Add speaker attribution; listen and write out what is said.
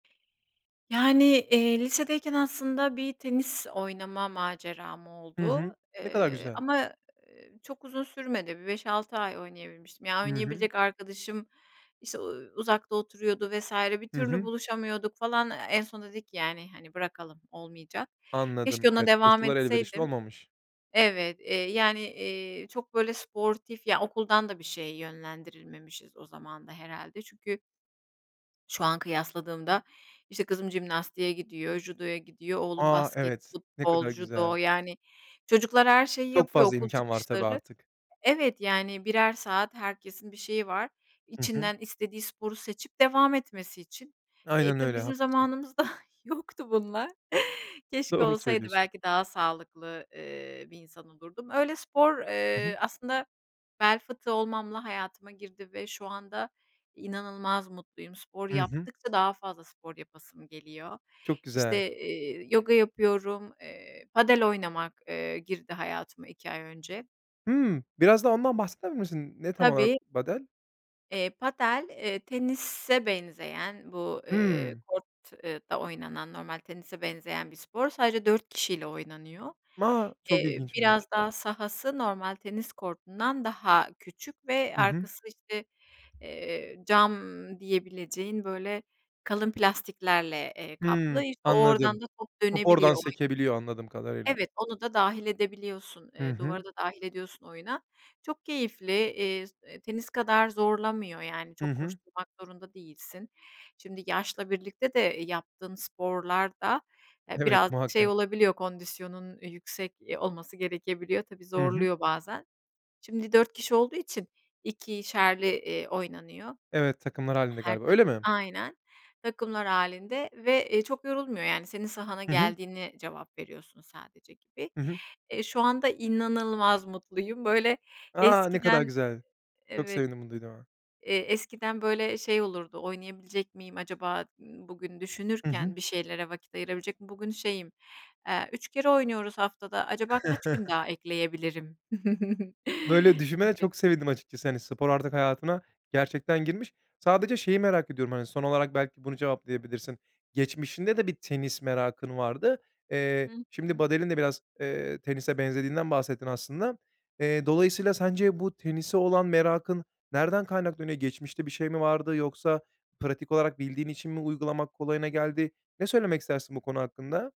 Speaker 1: Yani, eee, lisedeyken aslında bir tenis oynama maceram
Speaker 2: Hı hı.
Speaker 1: oldu,
Speaker 2: Ne kadar
Speaker 1: eee,
Speaker 2: güzel.
Speaker 1: ama, eee, çok uzun sürmedi. Bir 5-6 ay oynayabilmiştim. Ya,
Speaker 2: Hı hı.
Speaker 1: oynayabilecek arkadaşım, işte, uuu, uzakta oturuyordu vs. bir
Speaker 2: Hı
Speaker 1: türlü
Speaker 2: hı.
Speaker 1: buluşamıyorduk falan. En sonunda dedik ki, yani, hani, bırakalım, olmayacak.
Speaker 2: Anladım,
Speaker 1: Keşke ona
Speaker 2: evet.
Speaker 1: devam
Speaker 2: Koşular elverişli
Speaker 1: etseydim.
Speaker 2: olmamış.
Speaker 1: Evet, eee, yani, eee, çok böyle sportif ya, okuldan da bir şeye yönlendirilmemişiz o zaman da herhâlde. Çünkü şu an kıyasladığımda, işte, kızım jimnastiğe gidiyor, judoya gidiyor, oğlum
Speaker 2: A!
Speaker 1: basket,
Speaker 2: Evet, ne
Speaker 1: futbol,
Speaker 2: kadar
Speaker 1: judo,
Speaker 2: güzel.
Speaker 1: yani, çocuklar her şeyi
Speaker 2: Çok
Speaker 1: yapıyor
Speaker 2: fazla
Speaker 1: okul
Speaker 2: imkân var tabii,
Speaker 1: çıkışları
Speaker 2: artık.
Speaker 1: Evet, yani, birer saat herkesin bir şeyi var.
Speaker 2: I hı.
Speaker 1: İçinden istediği sporu seçip devam etmesi için. Eee,
Speaker 2: Aynen
Speaker 1: tabii,
Speaker 2: öyle,
Speaker 1: bizim
Speaker 2: haklısın.
Speaker 1: zamanımızda yoktu bunlar. Keşke
Speaker 2: Doğru
Speaker 1: olsaydı,
Speaker 2: söylüyorsun.
Speaker 1: belki daha sağlıklı, eee, bir insan olurdum. Öyle spor,
Speaker 2: I hı.
Speaker 1: eee, aslında bel fıtığı olmamla hayatıma girdi ve şu anda inanılmaz mutluyum. Spor
Speaker 2: Hı hı.
Speaker 1: yaptıkça daha fazla spor yapasım geliyor.
Speaker 2: Çok güzel.
Speaker 1: İşte, eee, yoga yapıyorum, eee, padel oynamak, eee, girdi hayatıma 2 ay önce.
Speaker 2: Hımm, birazda ondan bahseder misin, ne tam olarak
Speaker 1: Tabii.
Speaker 2: padel?
Speaker 1: Eee, padel, eee, tenise benzeyen bu, eee,
Speaker 2: Hımm.
Speaker 1: kort eee, ta oynanan, normal tenise benzeyen bir spor. Sadece 4 kişiyle oynanıyor.
Speaker 2: Ma çok
Speaker 1: Eee,
Speaker 2: ilginçmiş.
Speaker 1: biraz daha sahası normal tenis kortundan daha küçük ve
Speaker 2: I hı.
Speaker 1: arkası, işte, eee, cam diyebileceğin, böyle, kalın plastiklerle, eee, kaplı.
Speaker 2: Hımm.
Speaker 1: İşte, o oradan
Speaker 2: Anladım.
Speaker 1: da top
Speaker 2: Top oradan
Speaker 1: dönebiliyor. [unintelligible]
Speaker 2: sekebiliyor, anladığım kadarıyla.
Speaker 1: Evet, onu da dâhil edebiliyorsun,
Speaker 2: Hı
Speaker 1: eee,
Speaker 2: hı.
Speaker 1: duvarı da dâhil ediyorsun oyuna. Çok keyifli, eee, tenis kadar zorlamıyor, yani,
Speaker 2: Hı
Speaker 1: çok
Speaker 2: hı.
Speaker 1: koşturmak zorunda değilsin. Şimdi yaşla birlikte de yaptığın sporlar da, eee,
Speaker 2: Evet,
Speaker 1: birazcık şey
Speaker 2: muhakkak.
Speaker 1: olabiliyor, kondisyonunun yüksek olması gerekebiliyor. Tabii,
Speaker 2: Hı hı.
Speaker 1: zorluyor bazen. Şimdi 4 kişi olduğu için 2'şerli, eee, oynanıyor.
Speaker 2: Evet, takımlar halinde
Speaker 1: Her
Speaker 2: galiba, öyle
Speaker 1: takım
Speaker 2: mi?
Speaker 1: Aynen. Takımlar hâlinde ve, eee, çok yorulmuyor, yani, senin sahana
Speaker 2: Hı hı.
Speaker 1: geldiğine cevap veriyorsun sadece, gibi.
Speaker 2: Hı hı.
Speaker 1: Eee, şu anda inanılmaz mutluyum. Böyle,
Speaker 2: A! Ne kadar
Speaker 1: eskiden
Speaker 2: güzel, çok
Speaker 1: evet,
Speaker 2: sevindim bunu duyduğuma.
Speaker 1: eee, eskiden, böyle, şey olurdu: "Oynayabilecek miyim acaba, ııı, bugün,”
Speaker 2: I hı.
Speaker 1: düşünürken, "bir şeylere vakit ayırabilecek miyim?” Bugün şeyim, eee, "3 kere oynuyoruz haftada, acaba kaç gün daha ekleyebilirim?”
Speaker 2: Böyle düşünmene
Speaker 1: gibi.
Speaker 2: çok sevindim, açıkçası. Hani, spor artık hayatına gerçekten girmiş. Sadece şeyi merak ediyorum, hani, son olarak belki bunu cevaplayabilirsin: Geçmişinde de bir tenis merakın vardı.
Speaker 1: Hı
Speaker 2: Eee, şimdi
Speaker 1: hı.
Speaker 2: padel'in de biraz, eee, tenise benzediğinden bahsettin, aslında. Eee, dolayısıyla, sence bu tenise olan merakın nereden kaynaklanıyor? Geçmişte bir şey mi vardı, yoksa pratik olarak bildiğin için mi uygulamak kolayına geldi? Ne söylemek istersin bu konu hakkında?